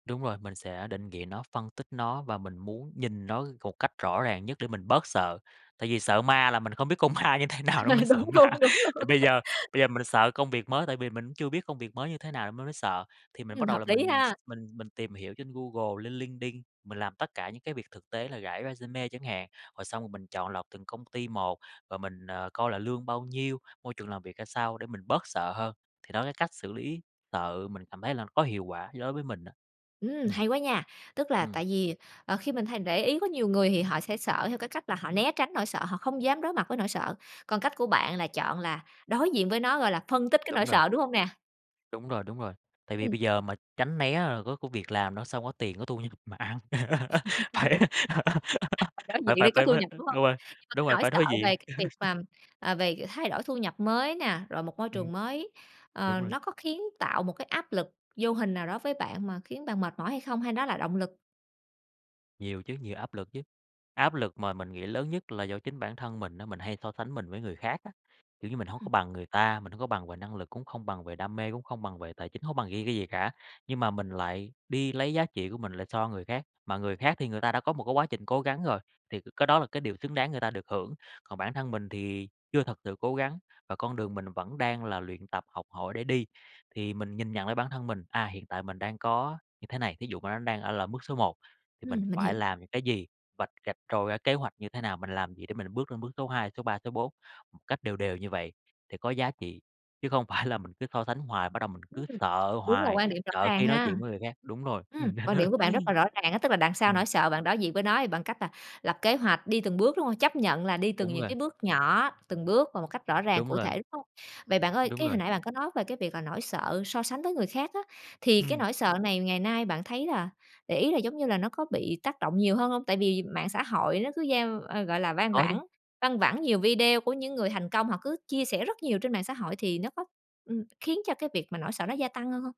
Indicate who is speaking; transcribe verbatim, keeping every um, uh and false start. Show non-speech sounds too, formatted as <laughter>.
Speaker 1: Đúng rồi, mình sẽ định vị nó, phân tích nó và mình muốn nhìn nó một cách rõ ràng nhất để mình bớt sợ, tại vì sợ ma là mình không biết con ma như thế nào nên
Speaker 2: Ờ.
Speaker 1: mới sợ
Speaker 2: Đúng
Speaker 1: ma.
Speaker 2: luôn, đúng
Speaker 1: Thì
Speaker 2: luôn.
Speaker 1: bây giờ bây giờ mình sợ công việc mới, tại vì mình cũng chưa biết công việc mới như thế nào nên mới sợ, thì mình
Speaker 2: Ừm,
Speaker 1: bắt đầu
Speaker 2: hợp
Speaker 1: là
Speaker 2: lý
Speaker 1: mình s
Speaker 2: ha.
Speaker 1: mình mình tìm hiểu trên Google, lên LinkedIn, mình làm tất cả những cái việc thực tế là rải resume chẳng hạn. Rồi xong rồi mình chọn lọc từng công ty một và mình, ờ, coi là lương bao nhiêu, môi trường làm việc ra sao để mình bớt sợ hơn, thì đó, cái cách xử lý sợ mình cảm thấy là có hiệu quả đối với mình á.
Speaker 2: Ừm!
Speaker 1: Ừm.
Speaker 2: Hay quá nha, tức là
Speaker 1: Ừm.
Speaker 2: tại vì, ờ, khi mình hay để ý có nhiều người thì họ sẽ sợ theo cái cách là họ né tránh nỗi sợ, họ không dám đối mặt với nỗi sợ, còn cách của bạn là chọn là đối diện với nó, gọi là, phân tích cái nỗi
Speaker 1: Đúng rồi.
Speaker 2: sợ, đúng hông nè?
Speaker 1: Đúng rồi, đúng rồi, tại vì
Speaker 2: Ừm.
Speaker 1: bây giờ mà tránh né rồi có công việc làm, nó sẽ hông có tiền có thu nhập mà ăn. <laughs>
Speaker 2: <laughs>
Speaker 1: Phải
Speaker 2: À, đối
Speaker 1: <laughs>
Speaker 2: diện
Speaker 1: phải phải
Speaker 2: thì có
Speaker 1: phải
Speaker 2: thu
Speaker 1: phải,
Speaker 2: nhập,
Speaker 1: ơ
Speaker 2: đúng hông?
Speaker 1: đúng rồi,
Speaker 2: Nhưng mà cái
Speaker 1: đúng rồi,
Speaker 2: nỗi
Speaker 1: phải
Speaker 2: sợ
Speaker 1: đối diện.
Speaker 2: về cái việc mà,
Speaker 1: <laughs>
Speaker 2: à, về thay đổi thu nhập mới nè, rồi một môi
Speaker 1: Ừm.
Speaker 2: trường mới, ờ,
Speaker 1: Đúng rồi.
Speaker 2: nó có khiến tạo một cái áp lực vô hình nào đó với bạn mà khiến bạn mệt mỏi hay không? Hay nó là động lực?
Speaker 1: Nhiều chứ, nhiều áp lực chứ, áp lực mà mình nghĩ lớn nhất là do chính bản thân mình á, mình hay so sánh mình với người khác á, kiểu như là, mình hông có
Speaker 2: Ừm.
Speaker 1: bằng người ta, mình hông có bằng về năng lực, cũng không bằng về đam mê, cũng không bằng về tài chính, hông có bằng riêng cái gì cả. Nhưng mà mình lại đi lấy giá trị của mình lại so người khác, mà người khác thì người ta đã có một cái quá trình cố gắng rồi, thì cái đó là cái điều xứng đáng người ta được hưởng, còn bản thân mình thì chưa thật sự cố gắng và con đường mình vẫn đang là luyện tập, học hỏi để đi. Thì mình nhìn nhận lại bản thân mình, à, hiện tại mình đang có như thế này, thí dụ mà nó đang ở là bước số một thì mình
Speaker 2: Ừm, mình
Speaker 1: phải
Speaker 2: hiểu.
Speaker 1: làm những cái gì, vạch rạch ròi ra kế hoạch như thế nào, mình làm gì để mình bước lên bước số hai, số ba, số bốn, một cách đều đều như vậy để có giá trị, chứ không phải là mình cứ so sánh hoài, bắt đầu mình
Speaker 2: Ưm,
Speaker 1: cứ
Speaker 2: ừm,
Speaker 1: sợ
Speaker 2: đúng là
Speaker 1: hoài,
Speaker 2: quan điểm rõ
Speaker 1: sợ
Speaker 2: ràng
Speaker 1: khi nói
Speaker 2: ha.
Speaker 1: chuyện với người khác đúng rồi,
Speaker 2: Ừm,
Speaker 1: ừm.
Speaker 2: quan điểm của bạn rất là
Speaker 1: <laughs>
Speaker 2: rõ ràng á, tức là đằng sau
Speaker 1: Ừm.
Speaker 2: nỗi sợ bạn đối diện với nó bằng cách là lập kế hoạch đi từng bước, đúng hông? Chấp nhận là đi từng
Speaker 1: Đúng
Speaker 2: những
Speaker 1: rồi.
Speaker 2: cái bước nhỏ, từng bước và một cách rõ ràng,
Speaker 1: Đúng
Speaker 2: cụ
Speaker 1: rồi.
Speaker 2: thể, đúng hông? Vậy bạn ơi,
Speaker 1: Đúng
Speaker 2: cái hồi
Speaker 1: rồi.
Speaker 2: nãy bạn có nói về cái việc là nỗi sợ so sánh với người khác á, thì cái
Speaker 1: Ừm.
Speaker 2: nỗi sợ này ngày nay bạn thấy là, để ý là, giống như là, nó có bị tác động nhiều hơn hông? Tại vì mạng xã hội nó cứ gieo ơ, gọi là, vang
Speaker 1: Có chứ.
Speaker 2: vảng văng vẳng nhiều video của những người thành công, họ cứ chia sẻ rất nhiều trên mạng xã hội thì nó có ừm, khiến cho cái việc mà nỗi sợ nó gia tăng hơn hông?